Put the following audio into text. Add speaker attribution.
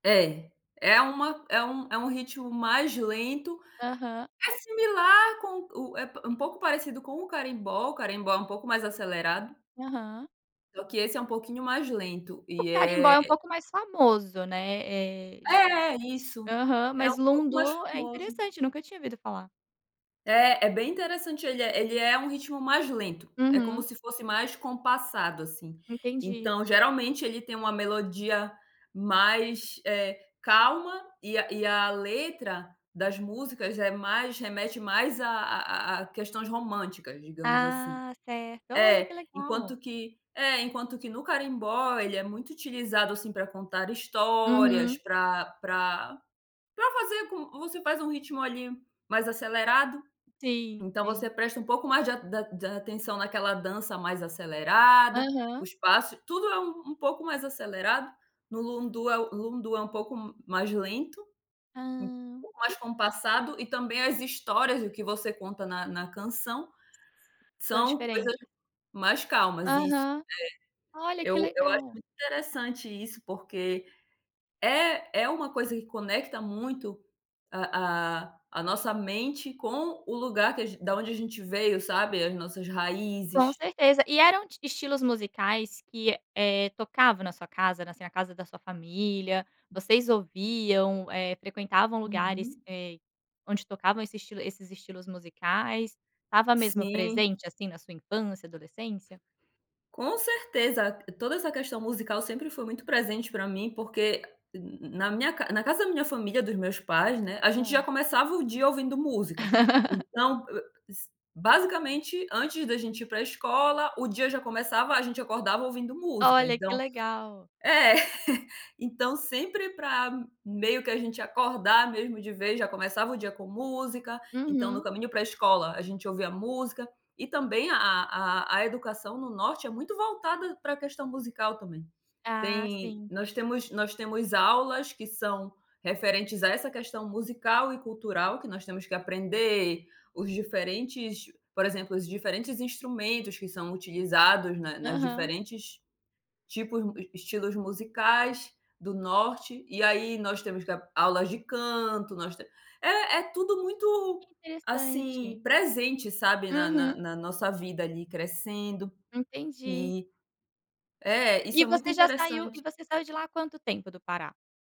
Speaker 1: É, é uma é um é um ritmo mais lento.
Speaker 2: Aham.
Speaker 1: É similar com o é p um pouco parecido com o Carimbó, o Carimbó é um pouco mais acelerado
Speaker 2: Aham.
Speaker 1: só que esse é um pouquinho mais lento,
Speaker 2: O
Speaker 1: e
Speaker 2: Carimbó
Speaker 1: é
Speaker 2: é um pouco mais famoso, né. Eh, j
Speaker 1: É, isso.
Speaker 2: Aham,
Speaker 1: É
Speaker 2: mas
Speaker 1: um pouco mais
Speaker 2: Lundu é
Speaker 1: famoso.
Speaker 2: interessante, nunca tinha ouvido falar.
Speaker 1: É, é bem interessante, ele é ele é um ritmo mais lento. É como
Speaker 2: Uhum.
Speaker 1: se fosse mais compassado, assim.
Speaker 2: Entendi.
Speaker 1: Então, geralmente, ele tem uma melodia mais, eh, calma e a e a letra das músicas é mais remete mais a a a a questões românticas, digamos assim.
Speaker 2: Ah, certo. Olha,
Speaker 1: É,
Speaker 2: que
Speaker 1: enquanto
Speaker 2: legal!
Speaker 1: que é, enquanto que no Carimbó, ele é muito utilizado, assim, para contar histórias,
Speaker 2: Uhum.
Speaker 1: para para para fazer com você faz um ritmo, ali, mais acelerado.
Speaker 2: Sim,
Speaker 1: Então você
Speaker 2: sim.
Speaker 1: presta um pouco mais de a da de atenção naquela dança mais acelerada, o
Speaker 2: Aham.
Speaker 1: espaço, tudo é u um pouco mais acelerado. No Lundu é u Lundu é um pouco m mais lento, um
Speaker 2: Hã.
Speaker 1: pouco mais
Speaker 2: Que
Speaker 1: compassado, e também as histórias e o que você conta na na canção,
Speaker 2: São
Speaker 1: são coisas
Speaker 2: diferente.
Speaker 1: mais calmas. Isso,
Speaker 2: Aham. Olha,
Speaker 1: é. Eu
Speaker 2: que
Speaker 1: eu acho
Speaker 2: legal.
Speaker 1: muito interessante isso, porque é é uma coisa que conecta muito a a a nossa mente com o lugar que a g da onde a gente veio, sabe, as nossas
Speaker 2: Com
Speaker 1: raízes.
Speaker 2: certeza. E eram t estilos musicais que, eh, tocavam na sua casa, na assim, a casa da sua família? Vocês ouviam, eh, frequentavam lugares,
Speaker 1: Uhum.
Speaker 2: eh, onde tocavam esse estilo esses estilos musicais? Estava mesmo
Speaker 1: Sim.
Speaker 2: presente, assim, na sua infância, adolescência?
Speaker 1: Com certeza. Toda essa questão musical sempre foi muito presente para mim, porque, n na minha na ca na casa da minha família, dos meus pais, né, a gente já
Speaker 2: Hã.
Speaker 1: começava o dia ouvindo música. Então, hã, s basicamente, antes da gente ir para escola, o dia já começava, a gente acordava ouvindo música.
Speaker 2: Olha, que
Speaker 1: Então
Speaker 2: legal.
Speaker 1: é. Então sempre para meio que a gente acordar mesmo de vez, já começava o dia com música, então no
Speaker 2: Uhum.
Speaker 1: caminho para escola a gente ouvia música. E também a a a educação no Norte é muito voltada para questão musical, também.
Speaker 2: Ah,
Speaker 1: Tem
Speaker 2: sim.
Speaker 1: nós temos nós temos aulas que são referentes a essa questão musical e cultural, que nós temos que aprender os diferentes por exemplo, os diferentes instrumentos que são utilizados na nas
Speaker 2: Aham.
Speaker 1: diferentes tipos mu e estilos musicais do Norte, e aí nós temos que ap aulas de canto, nós te é é tudo muito,
Speaker 2: Que
Speaker 1: assim,
Speaker 2: interessante.
Speaker 1: presente, sabe, na na
Speaker 2: Uhum.
Speaker 1: na nossa vida ali, crescendo.
Speaker 2: Entendi.
Speaker 1: E é, isso
Speaker 2: E
Speaker 1: é muito
Speaker 2: você já saiu e
Speaker 1: interessante.
Speaker 2: você saiu de lá há quanto tempo, do Pará?